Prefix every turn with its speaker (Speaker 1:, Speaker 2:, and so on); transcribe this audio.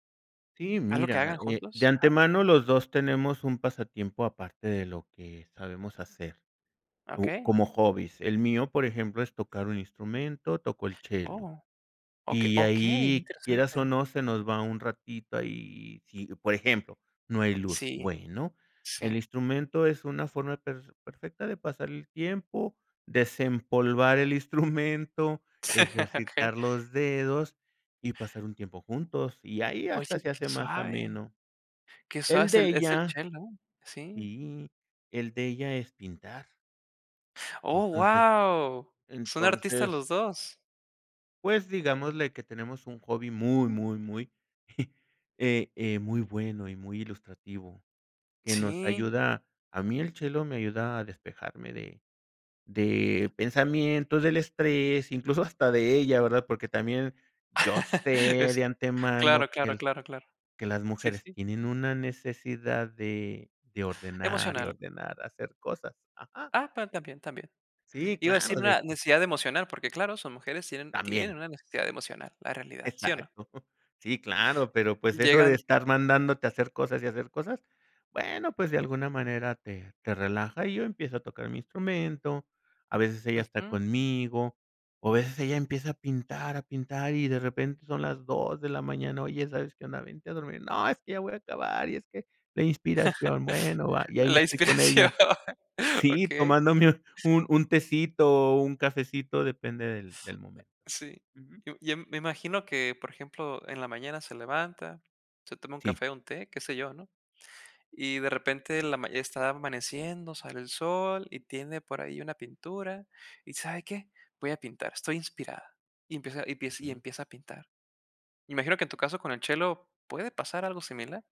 Speaker 1: Sí,
Speaker 2: Algo que
Speaker 1: mira,
Speaker 2: hagan
Speaker 1: eh, de
Speaker 2: juntos, ajá.
Speaker 1: antemano los 2 tenemos un pasatiempo aparte de lo que sabemos hacer, u
Speaker 2: Okey.
Speaker 1: como hobbies. El mío, por ejemplo, es tocar un instrumento, toco el chelo.
Speaker 2: Oh, oke
Speaker 1: Y
Speaker 2: okey, qué
Speaker 1: ahí, quieras o
Speaker 2: interesante.
Speaker 1: no, se nos va un ratito ahí y si, por ejemplo, no hay luz,
Speaker 2: Sí,
Speaker 1: bueno, el
Speaker 2: sí.
Speaker 1: instrumento es una forma per perfecta de pasar el tiempo, desempolvar el instrumento,
Speaker 2: Okey.
Speaker 1: ejercitar los dedos y pasar un tiempo juntos. Y ahí
Speaker 2: Oh
Speaker 1: hasta
Speaker 2: sí,
Speaker 1: se
Speaker 2: qué
Speaker 1: hace más
Speaker 2: suave.
Speaker 1: ameno.
Speaker 2: Qué suave
Speaker 1: El
Speaker 2: es
Speaker 1: de
Speaker 2: el es el
Speaker 1: ella
Speaker 2: chel ¿no? Sí.
Speaker 1: sí, el de ella es pintar.
Speaker 2: Oh,
Speaker 1: Entonces
Speaker 2: guau. Son artistas
Speaker 1: entonces
Speaker 2: los dos.
Speaker 1: pues digámosle que tenemos un hobby muy, muy, muy eh, eh, muy bueno y muy ilustrativo, que nos
Speaker 2: Sí.
Speaker 1: ayuda a mí el chelo me ayuda a despejarme de de pensamientos, del estrés, incluso hasta de ella, ¿verdad? Porque también yo sé
Speaker 2: Es
Speaker 1: de antemano
Speaker 2: claro,
Speaker 1: que
Speaker 2: claro,
Speaker 1: el
Speaker 2: claro, claro.
Speaker 1: que las
Speaker 2: Sí,
Speaker 1: mujeres
Speaker 2: sí.
Speaker 1: tienen una necesidad de, de ordenar y
Speaker 2: Emocional.
Speaker 1: ordenar, hacer cosas. Ajá.
Speaker 2: Ah, pero también, también.
Speaker 1: Sí,
Speaker 2: Iba a
Speaker 1: claro,
Speaker 2: decir
Speaker 1: de
Speaker 2: una necesidad de emocional, porque claro, son mujeres, tienen tienen
Speaker 1: También.
Speaker 2: una necesidad emocional, la realidad, ¿sí o no?
Speaker 1: Exacto. Sí, claro, pero pues eso de
Speaker 2: Llegan
Speaker 1: estar mandándote a hacer cosas y hacer cosas, bueno, pues de alguna manera te te relaja y yo empiezo a tocar mi instrumento. A veces ella está
Speaker 2: Ujú.
Speaker 1: conmigo, o a veces ella empieza a pintar, a pintar y de repente son las 2 de la mañana, "oye, ¿sabes qué, Ana? Vente a dormir". "No, es que ya voy a acabar y es que la inspiración". Bueno, va. Y ahí me
Speaker 2: La
Speaker 1: estoy con
Speaker 2: inspiración.
Speaker 1: ella, sí,
Speaker 2: Okey.
Speaker 1: tomándome un un tecito o un cafecito, depende del del momento.
Speaker 2: Sí.
Speaker 1: Ujú.
Speaker 2: Yo yo me imagino que, por ejemplo, en la mañana se levanta, se toma un
Speaker 1: Sí.
Speaker 2: café o un té, qué sé yo, ¿no? Y de repente la ma está amaneciendo, sale el sol y tiene por ahí una pintura. Y ¿sabe qué? Voy a pintar, estoy inspirada. Y empieza y empiece y
Speaker 1: Ujú.
Speaker 2: empieza a pintar. Imagino que en tu caso con el chelo puede pasar algo similar.